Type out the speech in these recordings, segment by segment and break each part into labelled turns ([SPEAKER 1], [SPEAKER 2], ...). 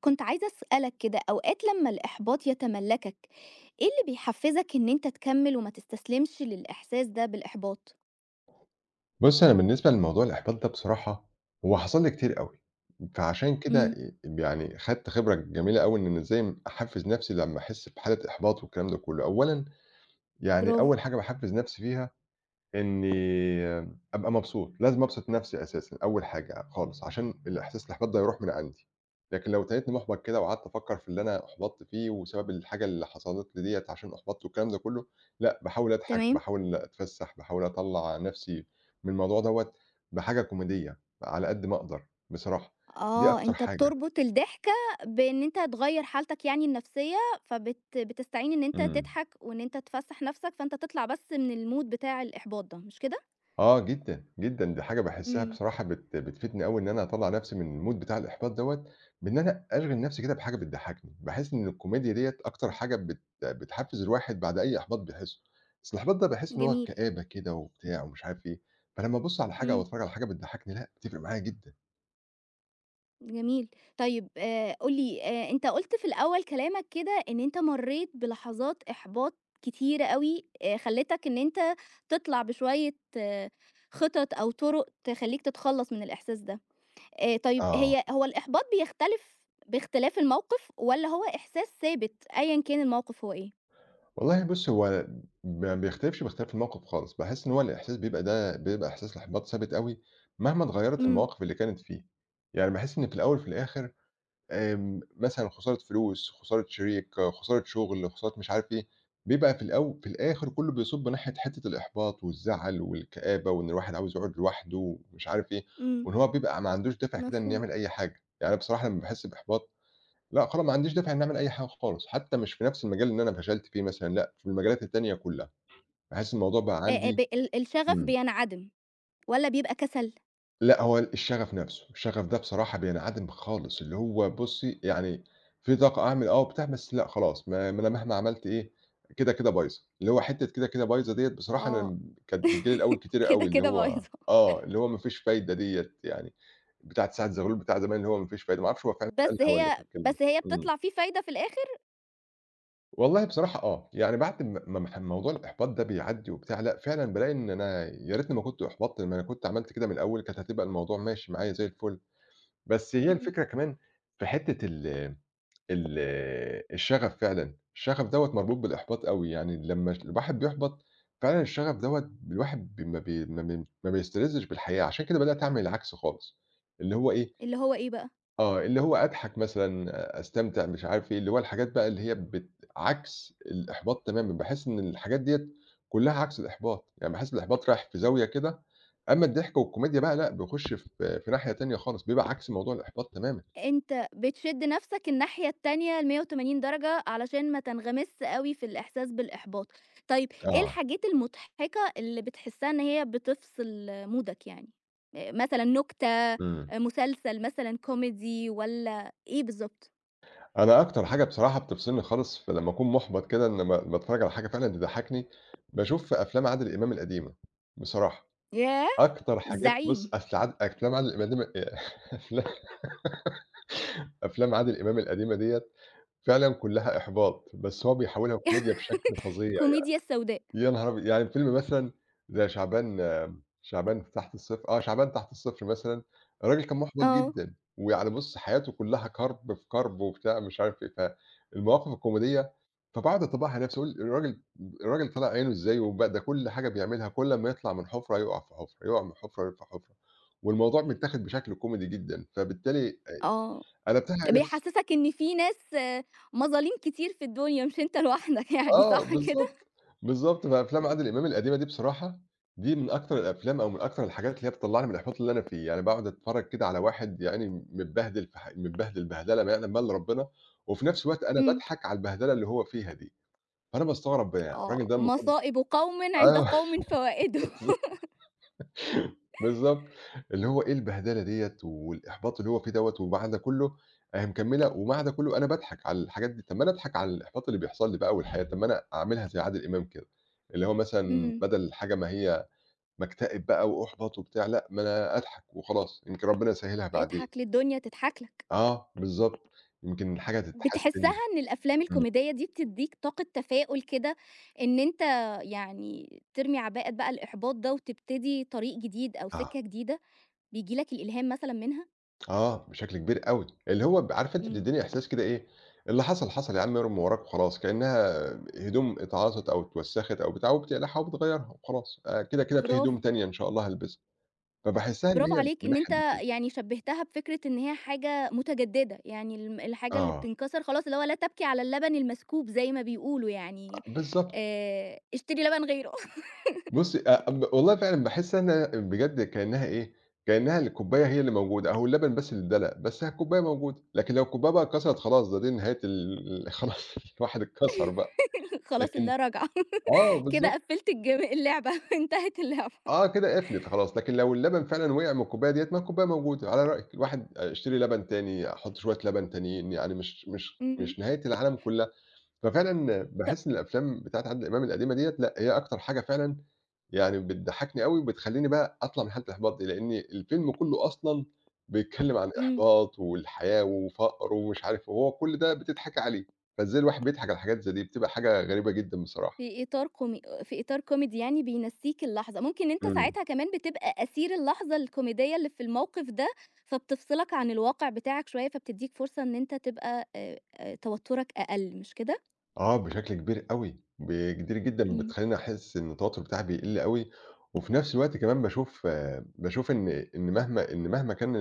[SPEAKER 1] كنت عايزة أسألك كده أوقات لمّا الإحباط يتملكك، إيه اللي بيحفزك إن أنت تكمل وما تستسلمش للإحساس ده بالإحباط؟
[SPEAKER 2] بُصي أنا بالنسبة لموضوع الإحباط ده بصراحة هو حصل لي كتير أوي، فعشان كده
[SPEAKER 1] امم.
[SPEAKER 2] آآ يعني خدت خبرة جميلة أوي إن إزاي أحفز نفسي لمّا أحس بحالة إحباط والكلام ده كلّه، أولًا. يعني
[SPEAKER 1] برافو.
[SPEAKER 2] أول حاجة باحفز نفسي بيها إني أبقى مبسوط، لازم أبسط نفسي أساسًا، أول حاجة خالص، عشان الإحساس الإحباط ده يروح من عندي. لكن لو تنيتني محبط كده وقعدت أفكر في اللي أنا أُحبطت فيه وسبب الحاجة اللي حصلت لي ديّة عشان أُحبطت والكلام ده كلّه، لأ، باحاول أضحك
[SPEAKER 1] تمام.
[SPEAKER 2] باحاول أتفسح، باحاول أطلّع نفسي من الموضوع دوّة بحاجة كوميدية على قد ما أقدر بصراحة دي
[SPEAKER 1] آه،
[SPEAKER 2] أكتر
[SPEAKER 1] أنت
[SPEAKER 2] حاجة.
[SPEAKER 1] بتربط الضحكة بإن أنت تغير حالتك يعني النفسية، فبت بتستعين إن أنت
[SPEAKER 2] امم.
[SPEAKER 1] تضحك وإن أنت تفسح نفسك، فأنت تطلع بس من الMood بتاع الإحباط ده، مش كده؟
[SPEAKER 2] آه جدًا، جدًا، دي حاجة باحسها
[SPEAKER 1] امم.
[SPEAKER 2] بصراحة بت بتفيدني أوي إن أنا أطلع نفسي من الMood بتاع الإحباط دوّة، بإن أنا أشغل نفسي كده بحاجة بتضحكني، باحس إن الكوميديا ديّة أكتر
[SPEAKER 1] امم.
[SPEAKER 2] حاجة بت بتحفز الواحد بعد أي إحباط بيحسه. أصل الإحباط ده باحس إن هو
[SPEAKER 1] جميل.
[SPEAKER 2] كآبة كده وبتاع ومش عارف إيه. فلمّا أبُص على حاجة أو
[SPEAKER 1] امم.
[SPEAKER 2] أتفرج على حاجة بتضحكني لأ، بتفرق معايا جدًا.
[SPEAKER 1] جميل. طيّب آآ قُل لي، آآ أنت قُلت في الأوّل كلامك كده، إن أنت مرّيت بلحظات إحباط كتيرة أوي، آآ خلّيتك إن أنت تِطلع بشويّة خِطط، أو طُرُق تخلّيك تتخلّص من الإحساس ده. آآ طيّب
[SPEAKER 2] آه.
[SPEAKER 1] هي هو الإحباط بيختلف بإختلاف الموقف، والّا هو إحساس ثابت، أيًا كان الموقف هو إيه؟
[SPEAKER 2] والله بُصّي، هو ما بيختلفش، باختلاف الموقف خالص. باحس إن هو الإحساس بيبقى ده إحساس إحباط ثابت أوي، مهما اتغيّرت
[SPEAKER 1] إمم.
[SPEAKER 2] المواقف اللي كانت فيه. يعني باحس إن في الأوّل وفي الآخر آمم، مثلًا لو خسارة فلوس، خسارة شريك، خسارة شغّل، خسارة مش عارف إيه. بيبقى في الأو في الآخر كلّه بيصُبّ ناحية حتة الإحباط، والزعل، والكآبة، وإن الواحد عاوز يقعد لوحده، ومش عارف إيه،
[SPEAKER 1] إمم.
[SPEAKER 2] وإن هو بيبقى ما عندوش دافع كده، إن
[SPEAKER 1] مفهوم.
[SPEAKER 2] يعمل أي حاجة. يعني أنا بصراحة لمّا باحس بإحباط، لأ، خلا ما عنديش دافع إن أعمل أي حاجة خالص، حتى مش في نفس المجال اللي أنا فشلت فيه مثلًا، لأ، في المجالات التانية كلّها. باحس الموضوع بقى
[SPEAKER 1] آآ ب
[SPEAKER 2] عندي
[SPEAKER 1] ال الشغف
[SPEAKER 2] إمم.
[SPEAKER 1] بينعدم، والّا بيبقى كسل؟
[SPEAKER 2] لأ، هو الشغف نفسه، الشغف ده بصراحة بينعدم خالص. اللي هو بُصّي، يعني في طاقة أعمل، آه، وبتاع، بس لأ خلاص، ما ما أنا مهما عملت إيه، كده، كده بايظة. اللي هو حتة كده، كده بايظة ديّة بصراحة،
[SPEAKER 1] آه.
[SPEAKER 2] أنا كانت بتيجي لي الأوّل كتير
[SPEAKER 1] كده،
[SPEAKER 2] أوي. اللي
[SPEAKER 1] كده
[SPEAKER 2] هو
[SPEAKER 1] بايظة.
[SPEAKER 2] آه، اللي هو ما فيش فايدة ديّة يعني بتاعة سعد زغلول بتاع زمان، اللي هو "ما فيش فايدة." ما اعرفش هو فعلًا
[SPEAKER 1] بس
[SPEAKER 2] قالها والّا
[SPEAKER 1] هي
[SPEAKER 2] كانت كلمة.
[SPEAKER 1] بس هي
[SPEAKER 2] إمم.
[SPEAKER 1] بِتطلع في فايدة في الآخر؟
[SPEAKER 2] والله بصراحة آه، يعني بعد ما ما ما موضوع الإحباط ده بيعدّي وبتاع، لأ فعلًا بالاقي إن أنا يا ريتني ما كنت أُحبطْت، ما أنا كنت عملت كده من الأول كانت هتبقى الموضوع ماشي معايا زي الفل، بس هي
[SPEAKER 1] إمم.
[SPEAKER 2] الفكرة كمان في حِتّة ال ال الشغف، فعلًا الشغف دوّة مربوط بالإحباط أوي، يعني لمّا الواحد بيُحبَط فعلًا الشغف دوّة الواحد بم بي ما بي ما بيستلذِّش بالحياة، عشان كده بدأت أعمل العكس خالص اللي هو إيه
[SPEAKER 1] اللي هو إيه بقى؟
[SPEAKER 2] آه، اللي هو أضحَك مثلًا، أستمتع، مش عارف إيه، اللي هو الحاجات بقى اللي هي بت عكْس الإحباط تمامًا، باحس إن الحاجات ديّة كلّها عكس الإحباط، يعني باحس إن الإحباط رايح في زاوية كده، أمّا الضحك والكوميديا بقى لأ بيخُش في في ناحية تانية خالص، بيبقى عكس موضوع الإحباط تمامًا.
[SPEAKER 1] أنت بتشد نَفسك الناحية التانية ال180 درجة علشان ما تنغمسش أوي في الإحساس بالإحباط. طيب إيه
[SPEAKER 2] آه.
[SPEAKER 1] الحاجات المضحِكة اللي بتحسّها إن هي بتفْصِل مودك يعني؟ آآ مثلًا نُكتة، آآ
[SPEAKER 2] إمم.
[SPEAKER 1] مسلسل مثلًا كوميدي والّا إيه بالضبط؟
[SPEAKER 2] أنا أكتر حاجة بصراحة بتفصِلني خالص في لمّا أكون مُحبَط كده، إن ما ما أتفرّج على حاجة فعلًا تضحّكني، باشوف أفلام عادل إمام القديمة، بصراحة،
[SPEAKER 1] ياه!
[SPEAKER 2] أكتر حاجات، بُصّ
[SPEAKER 1] الزعيم.
[SPEAKER 2] أفل عاد أفلام عادل القديم آآ أفلا أفلام عادل إمام القديمة ديّة فعلًا كلّها إحباط بس هو بيحوّلها كوميديا بشكل فظيع، يعني
[SPEAKER 1] كوميديا السوداء.
[SPEAKER 2] يا نهار أبيض، يعني فيلم مثلًا زي شعبان شعبان تحت الصفر آه شعبان تحت الصفر مثلًا الراجل كان محْبط
[SPEAKER 1] آه.
[SPEAKER 2] جدًا ويعني بُصّ حياته كلّها كرْب في كرْب وبتاع مش عارف إيه، فالمواقف الكوميدية فباقعد اطبّقها على نَفْسي، أقول الراجل الراجل طالع عينه إزاي وبَ ده كل حاجة بيعملها، كل أمّا يطلَع من حفرة يُقع في حفرة، يُقع من حفرة، يُقع في حفرة والموضوع متّاخد بشكل كوميدي جدًا فبالتالي آآ
[SPEAKER 1] آه،
[SPEAKER 2] أنا قلبتها على نَفْسي؟
[SPEAKER 1] بيحسّسك إن فيه ناس مظاليم كتير في الدنيا مش أنت لوحدك يعني،
[SPEAKER 2] آه
[SPEAKER 1] صح كده؟
[SPEAKER 2] بالضبط، بالضبط، فأفلام عادل إمام القديمة دي بصراحة دي من أكتر الأفلام أو من أكتر الحاجات اللي هي بتطلّعني من الإِحباط اللي أنا فيه، يعني باقعُد أتفرّج كده على واحد يا عيني متبهدل في ح متبهدل بهْدلة ما يعلَم بيها إلّا ربّنا وفي نَفْس الوقت أنا
[SPEAKER 1] إمم.
[SPEAKER 2] باضحَك على البهْدلة اللي هو فيها دي، فأنا باستغرب بقى الراجل
[SPEAKER 1] آه
[SPEAKER 2] ده المفروض
[SPEAKER 1] "مصائب قوْمٍ عند
[SPEAKER 2] آه
[SPEAKER 1] قوْمٍ فوائِدُ."
[SPEAKER 2] بالض بالضبط اللي هو إيه، البهدلة ديّة والإحباط اللي هو فيه دوّة وبعد ده كلّه أهي مكمّله وبعد ده كُلّه أنا باضحَك على الحاجات دي، طّب ما أنا اضحَك على الإحباط اللي بيحصَل لي بقى والحياة طَب ما أنا أعملها زي عادل إمام كده، اللي هو مثلًا
[SPEAKER 1] إمم.
[SPEAKER 2] بدَل الحاجة ما هي بَاكتئب بقى وأُحبط وبتاع، لأ ما أنا أضحَك وخلاص يمكن ربّنا يسهّلها بعدين.
[SPEAKER 1] اضحَك للدنيا تضحَك لك.
[SPEAKER 2] آه بالضبط، يمكن الحاجة
[SPEAKER 1] بتحسّها
[SPEAKER 2] تتحسّن.
[SPEAKER 1] إن الأفلام
[SPEAKER 2] إمم.
[SPEAKER 1] الكوميدية دي بتدّيك طاقة تفاؤل كده إن أنت يعني ترمي عباءة بقى الإحباط ده وتبتدي طريق جديد أو
[SPEAKER 2] آه.
[SPEAKER 1] سكّة جديدة، بييجي لك الإلهام مثلًا منها؟
[SPEAKER 2] آه، بشكل كبير أوي، اللي هو ب عارفة أنتِ
[SPEAKER 1] إمم.
[SPEAKER 2] بتدّيني إحساس كده، إيه، اللي حصل حصل يا عم، ارمي وراك وخلاص، كأنها هدوم اتعاصت، أو اتوسخت، أو بتاع، وبتقلّعها وبتغيّرها وخلاص، آآ كده كده في هدوم
[SPEAKER 1] برافو.
[SPEAKER 2] تانية إن شاء الله هالبسها، فباحسها إن
[SPEAKER 1] برافو
[SPEAKER 2] هي من
[SPEAKER 1] عليك، إن أنت
[SPEAKER 2] الناحية دي كدا.
[SPEAKER 1] يعني شبهتها بفكرة إن هي حاجة متجددة، يعني ال الحاجة اللي
[SPEAKER 2] آه.
[SPEAKER 1] بتنكسر خلاص، اللي هو لا تبكي على اللبن المسكوب، زي ما بيقولوا يعني،
[SPEAKER 2] بالضبط.
[SPEAKER 1] آآ اشتري لبن غيره.
[SPEAKER 2] بُصّي، آآ ب والله، فعلًا باحس إنها بجد كإنها إيه، كإنها الكوباية هي اللي موجودة، أو اللبن بس اللي إدّلق، بس أهي الكوباية موجودة، لكن لو الكوباية بقى كسرت، خلاص، ده دي نهاية ال ال خلاص، الواحد اتكسر بقى،
[SPEAKER 1] خلاص
[SPEAKER 2] لكن
[SPEAKER 1] اللا راجعة،
[SPEAKER 2] آه،
[SPEAKER 1] كده
[SPEAKER 2] بالضبط.
[SPEAKER 1] قفِّلت الج اللعبة، انتهت اللعبة.
[SPEAKER 2] آه، كده قَفلت خلاص، لكن لو اللبن فعلًا وقع من الكوباية ديّة، ما هي الكوباية موجودة، على رأيِِك، الواحد هيشتري لبن تاني، أحط شويّة لبن تانيين، يعني مش مش
[SPEAKER 1] إمم.
[SPEAKER 2] مش نهاية العالم كلّها، ففعلًا
[SPEAKER 1] طَب
[SPEAKER 2] باحس إن الأفلام بتاعة عادل إمام القديمة ديّة، لأ، هي أكتر حاجة فعلًا يعني بتضحّكني أوي، وبتخلّيني بقى أطلّع من حالة الإحباط دي، لأن الفيلم كلّه أصلًا بيتكلم عن
[SPEAKER 1] إمم.
[SPEAKER 2] إحباط، والحياه، وفقر، ومش عارف، وهو كل ده بتضحكي عليه، فإزاي الواحد بيضحك على حاجات زي دي، بتبقى حاجة غريبة جدًا بصراحة.
[SPEAKER 1] في إطار كومي في إطار كوميدي، يعني بينسِّيك اللحظة، ممكن إن أنت
[SPEAKER 2] إمم.
[SPEAKER 1] ساعتها كمان بتبقى أسير اللحظة الكوميدية اللي في الموقف ده، فبتفصلك عن الواقع بتاعك شوية، فبتدّيك فرصة إن أنت تبقى، آآ، توترك أقل، مش كده؟
[SPEAKER 2] آه، بشكل كبير أوي، ب كتير جدًا
[SPEAKER 1] إمم.
[SPEAKER 2] بتخلّيني أحسّ إن التوتر بتاعها بيقِل أوي، وفي نَفْس الوقت كمان باشوف باشوف إن إن مهما إن مهما كان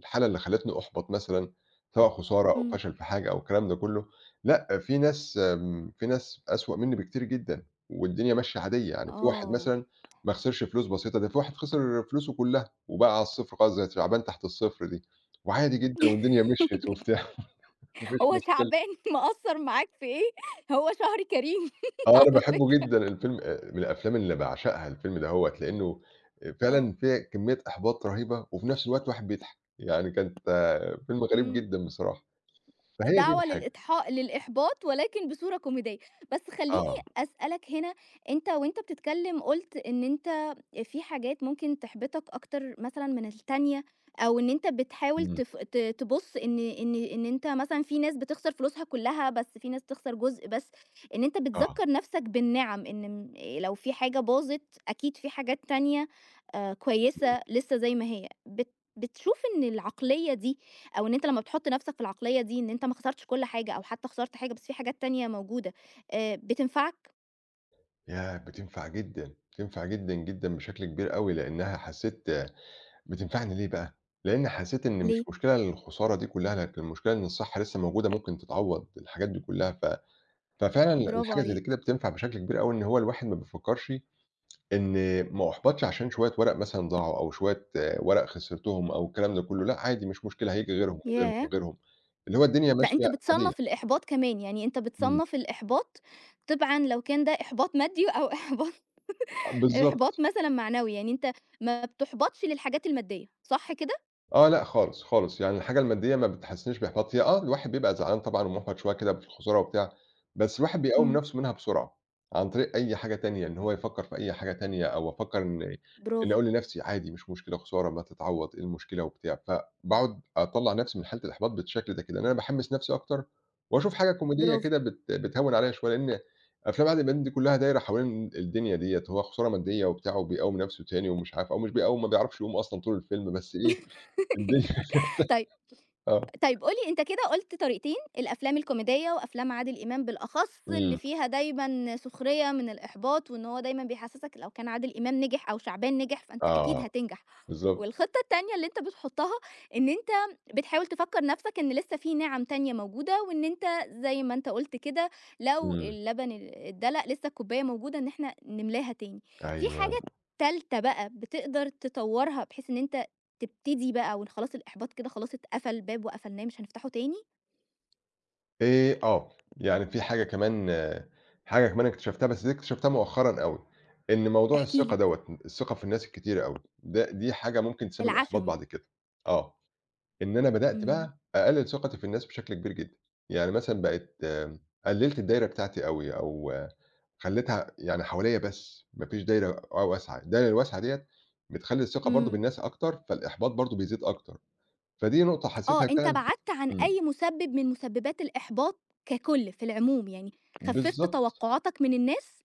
[SPEAKER 2] الحالة اللي خلّتني أُحبط، مثلًا سواء خسارة، أو
[SPEAKER 1] إمم.
[SPEAKER 2] فشل في حاجة، أو الكلام ده كلّه، لأ، في ناس، آمم، في ناس أسوأ منّي بكتير جدًا، والدنيا ماشية عادية، يعني في واحد
[SPEAKER 1] آه.
[SPEAKER 2] مثلًا ما خسرش فلوس بسيطة، ده في واحد خسر فلوسه كلّها، وبقى على الصِفر خالص، زَيّ شعبان تحت الصِفر دي، وعادي جدًا، والدنيا مشيت، وبتاع، ما فيش
[SPEAKER 1] هو
[SPEAKER 2] مشكلة.
[SPEAKER 1] شعبان مأثّر معاك في إيه؟ هو شهر كريم
[SPEAKER 2] آه، أنا
[SPEAKER 1] على
[SPEAKER 2] باحبه
[SPEAKER 1] فكرة.
[SPEAKER 2] جدًا الفيلم آآ من الأفلام اللي باعشقها، الفيلم دهوّة، لإنه آآ
[SPEAKER 1] آه.
[SPEAKER 2] فعلًا فيه كمية إحباط رهيبة، وفي نَفْس الوقت الواحد بيضحك، يعني كانت فيلم غريب
[SPEAKER 1] إمم،
[SPEAKER 2] جدًا بصراحة، فهي دي
[SPEAKER 1] الدعوة
[SPEAKER 2] الحاجة.
[SPEAKER 1] للإضحا للإحباط، ولكن بصورة كوميدية، بَس خلّيني
[SPEAKER 2] آه.
[SPEAKER 1] أسألك هنا، أنت وأنت بتتكلّم، قُلت إن أنت في حاجات ممكن تحبطك أكتر مثلًا من التانية، أو إن أنت بتحاول
[SPEAKER 2] إمم.
[SPEAKER 1] تف ت تبُص إن إن إن أنت مثلًا في ناس بتخسر فلوسها كلّها، بَس في ناس بتخسر جُزء بَس، إن أنت
[SPEAKER 2] آه.
[SPEAKER 1] بتذكّر نَفْسك بالنِعم، إن م لو في حاجة باظت، أكيد في حاجات تانية، آآ،
[SPEAKER 2] إمم.
[SPEAKER 1] كويسة لسه زَيّ ما هي، بت بتشوف إن العقلية دي، أو إن أنت لمّا بتحُط نَفْسك في العقلية دي، إن أنت ما خسرتش كل حاجة، أو حتى خسرت حاجة بَس في حاجات تانية موجودة، آآ، بتنفعك؟
[SPEAKER 2] ياه! بتنفع جدًا، بتنفع جدًا، جدًا، بشكل كبير أوي، لإنها حسّيت بتنفعني ليه بقى؟ لإن حسّيت إن مش
[SPEAKER 1] ليه؟
[SPEAKER 2] مشكلة الخسارة دي كلّها لكن المشكلة إن الصحة لسّه موجودة ممكن تتعوّض الحاجات دي كلّها، ف ففعلًا
[SPEAKER 1] برافو
[SPEAKER 2] الحاجة اللي زيّ
[SPEAKER 1] عليك.
[SPEAKER 2] كده بتنفع بشكل كبير أوي إن هو الواحد ما بيفكّرش إن ما أحبطش عشان شوية ورق مثلًا ضاعوا، أو شوية ورق خسرتهم أو الكلام ده كلّه، لأ عادي مش مشكلة هييجي غيرهم، وغيرهم،
[SPEAKER 1] ياه!
[SPEAKER 2] وغيرهم، اللي هو الدنيا
[SPEAKER 1] لأ
[SPEAKER 2] ماشية
[SPEAKER 1] أنت
[SPEAKER 2] عادية.
[SPEAKER 1] بتصنّف الإحباط كمان، يعني أنت
[SPEAKER 2] إمم.
[SPEAKER 1] بتصنّف الإحباط تبعًا لو كان ده إحباط مادي أو إحباط
[SPEAKER 2] آه
[SPEAKER 1] إحباط
[SPEAKER 2] بالضبط.
[SPEAKER 1] مثلًا معنوي، يعني أنت ما بتحبطش للحاجات المادية صح كده؟
[SPEAKER 2] آه لأ خالص، خالص، يعني الحاجة المادية ما بتحسّسنيش بإحباط هي آه الواحد بيبقى زعلان طبعًا ومُحبط شويه كدا بالخسارة وبتاع، بس الواحد بيقوّم
[SPEAKER 1] إمم.
[SPEAKER 2] نفْسه منها بسرعة، عن طريق أي حاجة تانية، إن هو يفكّر في أي حاجة تانية أو أفكر إن إن
[SPEAKER 1] برافو.
[SPEAKER 2] أقول لنفْسي عادي مش مشكلة خسارة ما هتتعوّض إيه المشكلة وبتاع، فباقعد أطلّع نفْسي من حالة الإحباط بالشكل ده كده، إن أنا باحمّس نفْسي أكتر واشوف حاجة كوميدية
[SPEAKER 1] برافو.
[SPEAKER 2] كده بت بتهوّن عليَّ شوية لإن أفلام عادل إمام دي كلّها دايّره حوالين الدنيا ديّة، هو خسارة مادية وبتاع وبيقوّم نفْسه تاني ومش عارف، أو مش بيقوّم ما بيعرفش يقوم أصلًا طول الفيلم بس إيه، الدنيا كده
[SPEAKER 1] طيب
[SPEAKER 2] آه.
[SPEAKER 1] طيب قُل لي أنت كده قُلت طريقتين الأفلام الكوميدية وأفلام عادل إمام بالأخص اللي
[SPEAKER 2] إمم.
[SPEAKER 1] فيها دايمًا سخرية من الإحباط، وإن هو دايمًا بيحسّسك لو كان عادل إمام نجح أو شعبان نجح فأنت أكيد
[SPEAKER 2] آه
[SPEAKER 1] هتنجح،
[SPEAKER 2] بالضبط.
[SPEAKER 1] والخطة التانية اللي أنت بتحطها إن أنت بتحاول تفكّر نفْسك إن لسّه في نِعَم تانية موجودة وإن أنت زي ما أنت قُلت كده لو
[SPEAKER 2] إمم.
[SPEAKER 1] اللبن أ أتدلق لسّه الكوباية موجودة إن إحنا نملاها تاني، في
[SPEAKER 2] أيوه.
[SPEAKER 1] حاجة تالته بقى بتقدر تطوّرها بحيث إن أنت تبتدي بقى وخلاص الإحباط كده خلاص اتقفل باب وقفلناه مش هنفتحه تاني؟
[SPEAKER 2] آآ، آه، يعني في حاجة كمان، حاجة كمان أكتشفتها، بس دي أكتشفتها مؤخرًا أوي، إن موضوع
[SPEAKER 1] احكِ
[SPEAKER 2] الثقة
[SPEAKER 1] لي.
[SPEAKER 2] دوّة، الثقة في الناس الكتيرة أوي، ده دي حاجة ممكن تسبب إحباط
[SPEAKER 1] العَشم.
[SPEAKER 2] بعد كده. آه، إن أنا بدأت
[SPEAKER 1] امم.
[SPEAKER 2] بقى أقلل ثقتي في الناس بشكل كبير جدًا، يعني مثلًا بقيت قلّلت الدايرة بتاعتي أوي، أو خلّيتها يعني حواليا بس، ما فيش دايرة. آه، واسعة، الدايرة الواسعة ديّة، بتخلّي الثقة برضه
[SPEAKER 1] إمم.
[SPEAKER 2] بالناس أكتر، فالإحباط برضه بيزيد أكتر، فدي نقطة
[SPEAKER 1] آه،
[SPEAKER 2] حسيتها
[SPEAKER 1] أنتَ
[SPEAKER 2] فعلًا.
[SPEAKER 1] بعدت عن أي
[SPEAKER 2] إمم.
[SPEAKER 1] مُسبب من مُسببات الإحباط ككل في العموم، يعني خففت
[SPEAKER 2] بالضبط.
[SPEAKER 1] توقعاتك من الناس،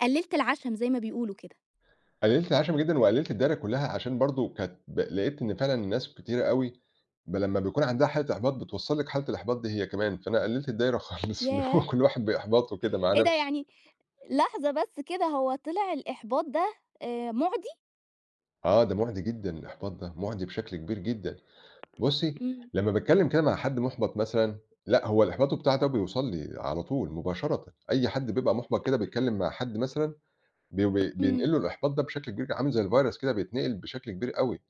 [SPEAKER 1] قلّلت العَشم زي ما بيقولوا كده.
[SPEAKER 2] قلّلت العَشم جدًا، وقلّلت الدايرة كلّها، عشان برضه كانت ب لقيت إن فعلًا الناس كتيرة أوي، بل لمّا بيكون عنده حالة إحباط، بتوصّل لِك حالة الإحباط دي هي كمان، فأنا قلّلت الدايرة خالص، اللي هو
[SPEAKER 1] ياه!
[SPEAKER 2] كل واحد بإحباطه كده مع
[SPEAKER 1] إيه ده
[SPEAKER 2] نفسه.
[SPEAKER 1] يعني، لحظة بس كده هو طلع الإحباط ده آآ مُعدي؟
[SPEAKER 2] آه، ده مُعدي جدًا، الإحباط ده مُعدي بشكل كبير جدًا. بُصّي،
[SPEAKER 1] إمم.
[SPEAKER 2] لمّا باتكلّم كده مع حد مُحبط مثلًا، لأ، هو الإحباط بتاعه ده بيوصّل لي على طول مباشرًة، أي حد بيبقى مُحبط كده بيتكلّم مع حد مثلًا، بي ب
[SPEAKER 1] إمم.
[SPEAKER 2] بينقل له الإحباط ده بشكل كبير، عامل زي الvirus كده، بيتنقل بشكل كبير أوي،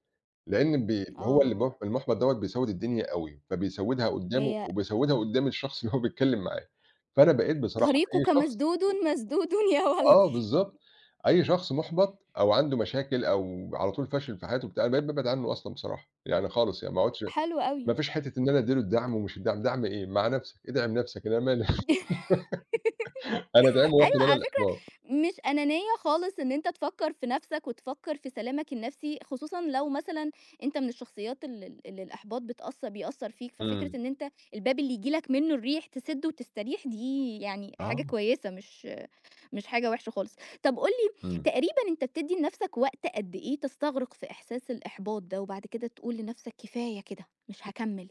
[SPEAKER 2] لأن بي هو اللي
[SPEAKER 1] آه.
[SPEAKER 2] المُح المُحبَط دوّة بيسود الدنيا أوي، فبيسودها قدامه،
[SPEAKER 1] هي
[SPEAKER 2] وبيسودها قدام الشخص اللي هو بيتكلم معاه. فأنا بقيت بصراحة أي
[SPEAKER 1] طريقك
[SPEAKER 2] شخص
[SPEAKER 1] مسدود مسدود يا
[SPEAKER 2] آه،
[SPEAKER 1] ولدي.
[SPEAKER 2] بالضبط. أي شخص مُحبط، أو عنده مشاكل، أو على طول فاشل في حياته وبتاع، أنا بقيت بابعد عنّه أصلًا بصراحة، يعني خالص، يعني ما اقعدش،
[SPEAKER 1] حلو
[SPEAKER 2] ما
[SPEAKER 1] أوي.
[SPEAKER 2] فيش حتة إن أنا أدّي له الدعم، ومش الدعم، دعم إيه؟ مع نفسك، ادعم نفسك، أنا ما لي أنا أدعمه، واخد
[SPEAKER 1] أيوه،
[SPEAKER 2] أنا
[SPEAKER 1] على فكرة،
[SPEAKER 2] الإحباط.
[SPEAKER 1] مش أنانية خالص إن أنت تفكر في نفسك، وتفكر في سلامك النفسي، خصوصًا لو مثلًا أنت من الشخصيات ال ال اللي الإحباط بتأث بيأثر فيك، ففكرة
[SPEAKER 2] إمم.
[SPEAKER 1] إن أنت الباب اللي ييجي لك منّه الريح، تسده وتستريح، دي يعني حاجة
[SPEAKER 2] آه.
[SPEAKER 1] كويّسة، مش مش حاجة وِحشة خالص. طَب قُل لي،
[SPEAKER 2] إمم.
[SPEAKER 1] تقريبًا أنت بتدّي لنفسك وقت قد إيه تستغرق في إحساس الإحباط ده، وبعد كده تقول لنفسك: كفاية كده، مش هاكمل؟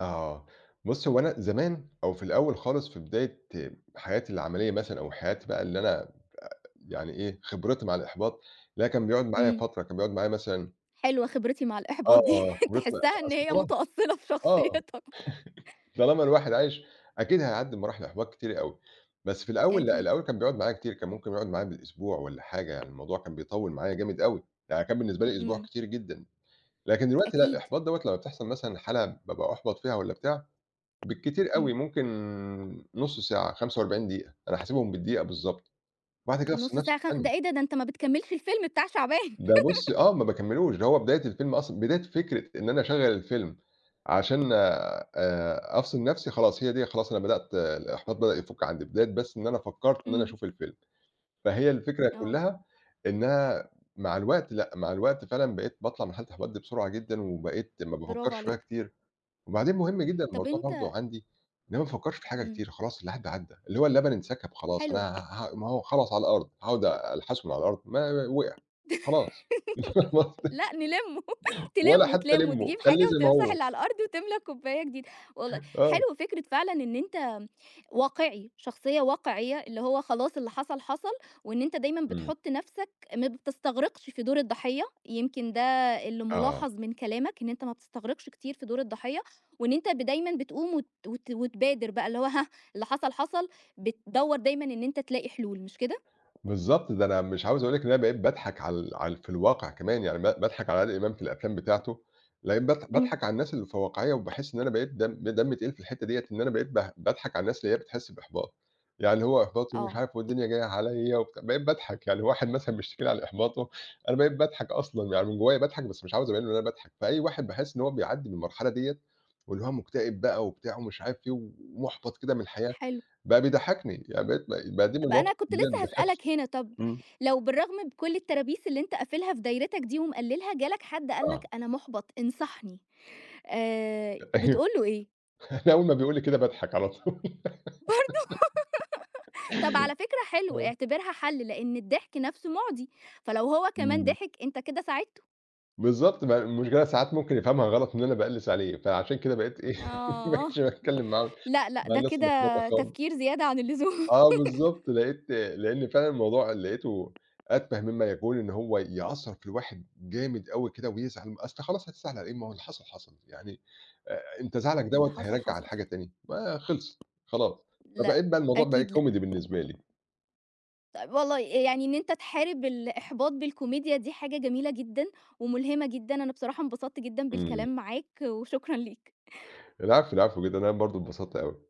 [SPEAKER 2] آه بُصّي، هو أنا زمان أو في الأول خالص في بداية حياتي العملية مثلًا أو حياتي بقى اللي أنا آآ يعني إيه، خبرتي مع الإحباط، لا كان بيقعُد معايا
[SPEAKER 1] إمم.
[SPEAKER 2] فترة، كان بيقعُد معايا مثلًا
[SPEAKER 1] حلوة، خبرتي مع
[SPEAKER 2] آه،
[SPEAKER 1] الإحباط دي،
[SPEAKER 2] آه، خبر
[SPEAKER 1] تحسّها إن
[SPEAKER 2] أصل
[SPEAKER 1] هي
[SPEAKER 2] خلاص
[SPEAKER 1] متأصّلة في
[SPEAKER 2] آه،
[SPEAKER 1] شخصيتك.
[SPEAKER 2] طالما الواحد عايش أكيد هيعدّي بمراحل إحباط كتيرة أوي بس في الأول، لأ
[SPEAKER 1] أكيد.
[SPEAKER 2] الأول كان بيقعُد معايا كتير، كان ممكن يقعُد معايا بالأسبوع والّا حاجة، الموضوع كان بيطوّل معايا جامد أوي، يعني كان بالنسبة لي أسبوع
[SPEAKER 1] إمم.
[SPEAKER 2] كتير جدًا، لكن دلوقتي لأ،
[SPEAKER 1] أكيد.
[SPEAKER 2] الإحباط دوّة لمّا بتحصَل مثلًا حالة بابقى أُحبَط فيها والّا بتاع بالكتير أوي
[SPEAKER 1] إمم.
[SPEAKER 2] ممكن نُص ساعة، 45 دقيقة، أنا حاسبهم بالدقيقة بالضبط، وبعد كده أفصِل
[SPEAKER 1] نُصّ
[SPEAKER 2] نفسي
[SPEAKER 1] ساعة،
[SPEAKER 2] في
[SPEAKER 1] خ
[SPEAKER 2] ثانية.
[SPEAKER 1] ده إيه ده؟ ده أنت ما بتكمّلش الفيلم بتاع شعبان
[SPEAKER 2] ده بُصّي، آه ما باكمّلوش، ده هو بداية الفيلم أصلًا، بداية فكرة إن أنا أشغّل الفيلم عشان آآ، أفصِل نَفْسي خلاص، هي دي خلاص، أنا بدأت الإحباط بدأ يفُك عندي بداية بس إن أنا فكرّت إن أنا
[SPEAKER 1] إمم.
[SPEAKER 2] أشوف الفيلم فهي الفكرة
[SPEAKER 1] آه.
[SPEAKER 2] كلّها إنها مع الوقت، لأ مع الوقت فعلًا بقيت باطلَع من حالة الإحباط بسرعة جدًا وبقيت ما
[SPEAKER 1] برافو
[SPEAKER 2] بافكّرش فيها
[SPEAKER 1] عليك.
[SPEAKER 2] كتير وبعدين مهم جدًا
[SPEAKER 1] طَب
[SPEAKER 2] الموضوع
[SPEAKER 1] أنت
[SPEAKER 2] برضه عندي، إنما ما أفكّرش في الحاجة
[SPEAKER 1] إمم.
[SPEAKER 2] كتير خلاص، اللي عدى، عدى، اللي هو اللبن انسكب خلاص،
[SPEAKER 1] حلوة.
[SPEAKER 2] أنا ه ه ما هو خلاص على الأرض هاقعد أ ألحسه من على الأرض؟ ما وقع خلاص
[SPEAKER 1] لأ نلّمه،
[SPEAKER 2] ولا
[SPEAKER 1] تلّمه،
[SPEAKER 2] حتى
[SPEAKER 1] تلّمه
[SPEAKER 2] ألِمُّه،
[SPEAKER 1] تجيب حاجة
[SPEAKER 2] خلّيه زي ما
[SPEAKER 1] وتمسَح
[SPEAKER 2] هو.
[SPEAKER 1] اللي على الأرض وتملى كوباية جديدة والله
[SPEAKER 2] آه.
[SPEAKER 1] حلو فكرة فعلًا إن أنت واقعي، شخصية واقعيّة، اللي هو خلاص اللي حصَل، حصَل وإن أنت دايمًا
[SPEAKER 2] إمم.
[SPEAKER 1] بتحُط نَفْسك، ما بتستغرِقش في دور الضحيّة، يمكن ده اللي
[SPEAKER 2] آه.
[SPEAKER 1] مُلاحَظ من كلامك، إن أنت ما بتستغرِقش كتير في دور الضحيّة وإن أنت ب دايمًا بتقوم وت وت وتبادر بقى، اللي هو هاه، اللي حصَل، حصَل، بتدوّر دايمًا إن أنت تلاقي حلول مش كده؟
[SPEAKER 2] بالضبط، ده أنا مش عاوز أقول لِك إن أنا باضحَك على ال على ال في الواقع كمان يعني ب باضحك على عادل إمام في الأفلام بتاعته لإم باض
[SPEAKER 1] إمم.
[SPEAKER 2] باضحَك على الناس اللي في واقعيّة وباحس إن أنا بقيت دم دمّي تقيل في الحِتّة ديّة إن أنا بقيت ب باضحَك على الناس اللي هي بتحس بإحباط، يعني هو إحباط ومش
[SPEAKER 1] آه.
[SPEAKER 2] عارف والدنيا جايّة عليَّ و بقيت باضحَك يعني واحد مثلًا بيشتكي لي على إحباطه أنا بقيت باضحك أصلًا يعني من جوايا باضحك بس مش عاوز أبيّن له إن أنا باضحك فأي واحد باحس إن هو بيعدي بالمرحلة ديّة واللي هو مكتئب بقى وبتاع ومش عارف فيه ومُحبَط كده من الحياة
[SPEAKER 1] حلو.
[SPEAKER 2] بقى بيضحكني يعني بقيت ب بقى دي من
[SPEAKER 1] بقى
[SPEAKER 2] المواقف
[SPEAKER 1] أنا
[SPEAKER 2] [unintelligible]
[SPEAKER 1] كنت لسه
[SPEAKER 2] بتضحكني.
[SPEAKER 1] هاسألك هنا، طَب
[SPEAKER 2] امم.
[SPEAKER 1] لو بالرغم من كل الترابيس اللي أنت قافلها في دايرتك دي ومقلّلها، جالك حد قال لك:
[SPEAKER 2] آه.
[SPEAKER 1] "أنا، مُحبَط، انصحني." آآ،
[SPEAKER 2] أيوه،
[SPEAKER 1] بتقول له إيه؟
[SPEAKER 2] أنا أول ما بيقول لي كده باضحَك على طول
[SPEAKER 1] برضه؟ طَب على فكرة حلو،
[SPEAKER 2] آه.
[SPEAKER 1] اعتبرها حل لأن الضحك نفسه مُعدي فلو هو كمان
[SPEAKER 2] امم.
[SPEAKER 1] ضِحك أنت كده ساعِدته.
[SPEAKER 2] بالضبط، بقى المشكلة ساعات ممكن يفهَمها غلط إن أنا بألِّس عليه، فعشان كده بقيت إيه، ما
[SPEAKER 1] آه،
[SPEAKER 2] بقيتش باتكلّم معاهم
[SPEAKER 1] لأ، لأ،
[SPEAKER 2] مع
[SPEAKER 1] ده
[SPEAKER 2] الناس
[SPEAKER 1] كده
[SPEAKER 2] المُحبَطة خالص.
[SPEAKER 1] تفكير زيادة عن اللزوم
[SPEAKER 2] آه، بالضبط، لقيت، لأن فعلًا الموضوع، لقيته أتفه مما يكون إن هو يأثّر في الواحد جامد أوي كده ويزعَل، أصل خالص، هتزعل على أيه؟ ما هو اللي حصَل، حصَل، يعني آآ أنت زعِلك
[SPEAKER 1] اللي
[SPEAKER 2] دوّة
[SPEAKER 1] حصَل،
[SPEAKER 2] هيرجَّع
[SPEAKER 1] حصَل
[SPEAKER 2] الحاجة
[SPEAKER 1] فعلًا.
[SPEAKER 2] تاني ما خلصت خلاص،
[SPEAKER 1] لأ،
[SPEAKER 2] فبقيت بقى الموضوع بقى
[SPEAKER 1] أكيد لأ.
[SPEAKER 2] كوميدي بالنسبة لي.
[SPEAKER 1] طيّب والله، آآ يعني إن أنت تحارِب الإحباط بالكوميديا دي حاجة جميلة جدًا وملهِمة جدًا، أنا بصراحة انبسطت جدًا
[SPEAKER 2] إمم.
[SPEAKER 1] بالكلام معاك وشكرًا ليك.
[SPEAKER 2] العفو، العفو جدًا، أنا برضه اتبسطت أوي.